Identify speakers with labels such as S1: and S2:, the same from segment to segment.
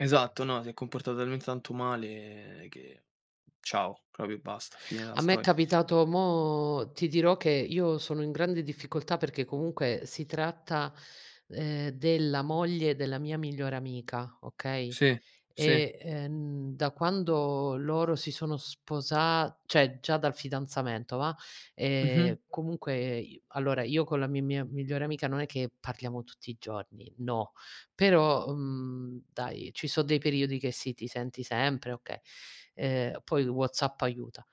S1: Esatto, no, si è comportata talment tanto male che ciao, proprio basta, fine della
S2: A me
S1: sto
S2: è capitato. Mo ti dirò che io sono in grande difficoltà perché comunque si tratta, ehm, della moglie della mia migliore amica, okay,
S1: Sì, sì.
S2: e, ehm, da quando loro si sono sposa cioè già dal fidanzamento, va'.
S1: Mh-mh.
S2: Ehm, comunque i allora, io con la mi mia migliore amica non è che parliamo tutti i giorni. No. Però, mhmm, dai, ci so dei periodi che sì, ti senti sempre, okay. Ehm, poi WhatsApp aiuta.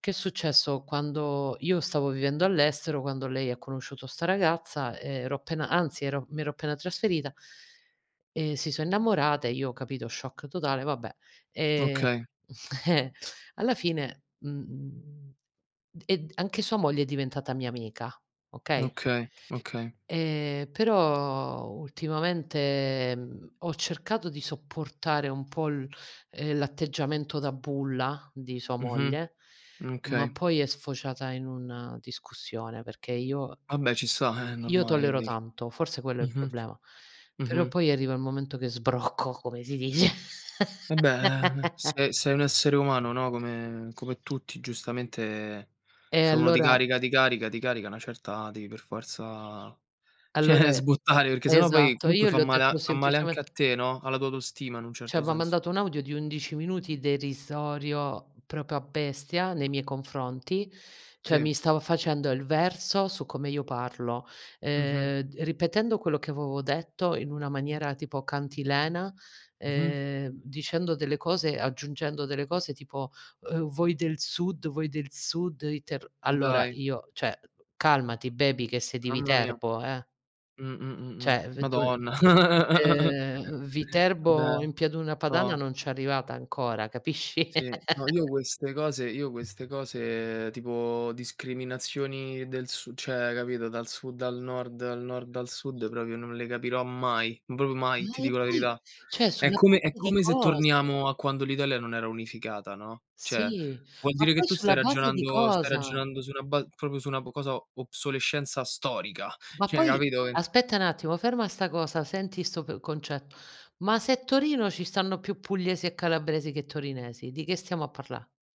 S2: Che è successo: quando io stavo vivendo all'estero, quando lei ha conosciuto 'sta ragazza, ero appena anzi, ero mi ero appena trasferita. E si so innamorate, io, capito, shock totale, vabbè, ehm
S1: Okay.
S2: eh. Alla fine, mhmm, ed anche sua moglie è diventata mia amica, okay.
S1: Okay, okay.
S2: Ehm, però, ultimamente ho cercato di sopportare un po' l ehm, l'atteggiamento da bulla di sua
S1: Mh-mh.
S2: moglie,
S1: Mh,
S2: ma
S1: okay.
S2: poi è sfociata in una discussione perché io
S1: Vabbè, ci sta. Eh, è
S2: io
S1: normale che
S2: tollero
S1: devi f
S2: tanto, forse quello è il
S1: mh-mh.
S2: problema, però
S1: Mh-mh.
S2: poi arriva il momento che sbrocco, come si dice.
S1: Eh beh, eh. Se sei un essere umano, no, come come tutti giustamente,
S2: E
S1: se uno ti
S2: allora
S1: carica, ti carica, ti carica a 'na certa devi per forza
S2: Allora,
S1: cioè sbottare perché
S2: è
S1: se no poi
S2: esatto,
S1: comunque
S2: io
S1: fa
S2: le ho
S1: male a
S2: detto
S1: fa male anche a
S2: semplicement
S1: te, no, alla tua autostima in un
S2: Cioè,
S1: certo
S2: m'ha
S1: senso.
S2: mandato un audio di 11 minuti derisorio proprio a bestia nei miei confronti, cioè
S1: Sì.
S2: mi stava facendo il verso su come io parlo,
S1: Mh-mh.
S2: ehm, d ripetendo quello che avevo detto in una maniera tipo cantilena,
S1: Mh-mh.
S2: ehm, dicendo delle cose aggiungendo delle cose tipo: "Uhm, voi del sud voi del sud, i terr" Allora
S1: Dai.
S2: io: "Cioè, calmati baby, che sei di
S1: Mamma mia.
S2: Viterbo, eh".
S1: Mh-mh-mh.
S2: Cioè,. [unintelligible]
S1: Madonna.
S2: Ehm, Viterbo
S1: Vabbè.
S2: in pianura padana
S1: No.
S2: non c'è arrivata ancora, capisci.
S1: Sì. No, io queste cose, io queste cose tipo discriminazioni del su cioè, capito, dal sud al nord, al nord al sud, proprio non le capirò mai, proprio mai,
S2: Ma
S1: ti
S2: e
S1: dico la
S2: poi,
S1: verità.
S2: cioè,
S1: È
S2: sulla
S1: come è
S2: base di
S1: come se
S2: cosa?
S1: torniamo a quando l'Italia non era unificata, no. Cioè, vuol
S2: Ma
S1: dire che
S2: poi
S1: tu stai
S2: sulla base di
S1: ragionando stai
S2: cosa?
S1: ragionando su una ba proprio su una b cosa, o obsolescenza storica.
S2: Ma
S1: Cioè,
S2: poi,
S1: capito, eh
S2: aspetta n'attimo, ferma sta cosa, senti sto p concetto, ma se Torino ci stanno più pugliesi e calabresi che torinesi, di che stiamo a parlà?